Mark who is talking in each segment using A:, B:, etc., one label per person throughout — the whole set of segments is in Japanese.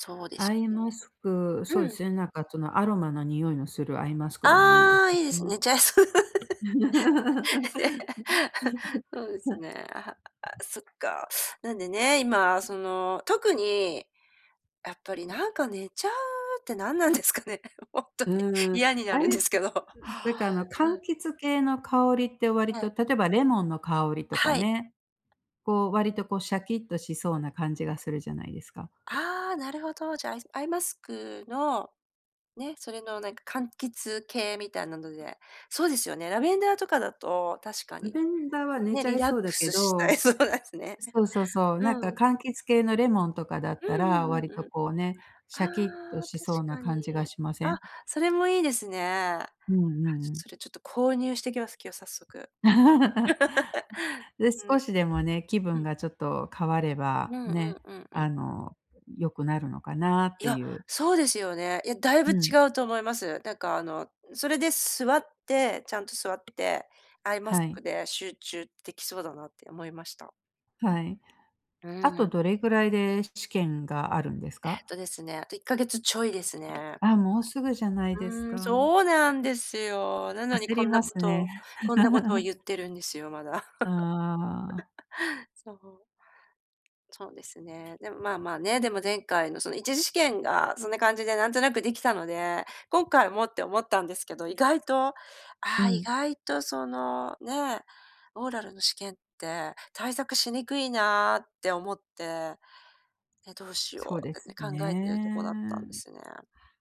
A: そうで
B: ア
A: す
B: イ
A: ね。
B: マスク、そう
A: う
B: で
A: ん。
B: すね、なんかそのアロマの匂いのするアイマスクでもいいで
A: ああ、いいで
B: す
A: す。
B: ね。
A: 寝ちゃいそう。
B: はい。
A: そうですね。あ、そっか。なんでね、今その特に、やっぱりなんか寝ちゃうって何なんですかね。ほんと
B: う
A: に
B: ーん、
A: 嫌にな
B: あ
A: るんで
B: れ、
A: すけど。う
B: なんかあの柑
A: ん。
B: 橘系の香りって割
A: は
B: と、
A: い。
B: 例えばレモンの香りとか
A: はい。
B: ね、こう割とこうシャキッとしそうな感じがするじゃないですか。
A: ああ、なるほど。じゃあ、アイアイマスクの、ね、それのなんか柑橘系みたいなので。そうですよね、ラベンダーとかだと、確か
B: ラ
A: に。
B: ベンダーは寝
A: ね、
B: ちゃ
A: リ
B: い
A: ラッ
B: そ
A: ク
B: うだけ
A: スしたい
B: ど、
A: そうですね。
B: そうそうそう、なんか
A: うん。
B: 柑橘系のレモンとかだっ
A: う
B: たら
A: んうん
B: 割
A: うん
B: と
A: うん。
B: こうね、シャキッと
A: ああ、
B: し
A: 確
B: そうな
A: か
B: 感じが
A: に。
B: しませ
A: あ、
B: ん。
A: それもいいですね。あ、
B: うんうん。
A: それちょっと購入してきます、今日早速。うん
B: で、
A: うん。
B: 少しでもね、気
A: う
B: 分
A: ん
B: がちょっと変われ
A: う
B: ば、
A: んうん
B: ね、
A: うんうん。
B: あの、良くなるのかなっ
A: い
B: て
A: や、
B: いう。
A: そうですよね。いや、だいぶ
B: う
A: 違
B: ん。
A: うと思います。なんかあのそれで座ってちゃんと座って、アイマ
B: は
A: ス
B: い。
A: クで集中できそうだなって思いました。
B: はい。
A: う
B: あと
A: ん。
B: どれぐらいで試験があるんです
A: えっ
B: か？
A: とですね、あと1ヶ月ちょいですね。
B: あ、もうすぐじゃないです
A: うーん、
B: か。
A: そうなんですよ。なのに
B: 焦
A: こ
B: り
A: んな
B: ま
A: こ
B: す
A: と、
B: ね。
A: こんなことを 言ってるんですよ、まだ。
B: ああ。
A: そう。そうですね。でもまあまあね、でも前回のその1次試験がそんな感じでなんとなくできたので、今回もって思ったんですけど、意外とあ
B: う
A: あ意
B: ん。
A: 外とそのね、オーラルの試験って対策しにくいなって思って。で、どうし
B: そ
A: よ
B: うで
A: うってね
B: す
A: 考えてるとこ
B: ね。
A: だったんですね。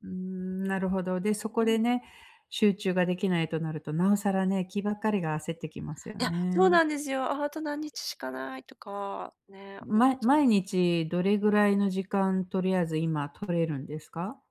B: うー
A: う
B: ん、なるほ
A: ん、
B: ど。で、そこ
A: う
B: で
A: ん。
B: ね、集中ができないとなると、なおさらね、気ばっかりが焦ってきますよ
A: いや、そう
B: ね。
A: なんですよ。あと何日しかないとかね思っ
B: ま
A: ちゃっ
B: 毎
A: て。
B: 日どれぐらいの時間とりあえず今取れるんですか？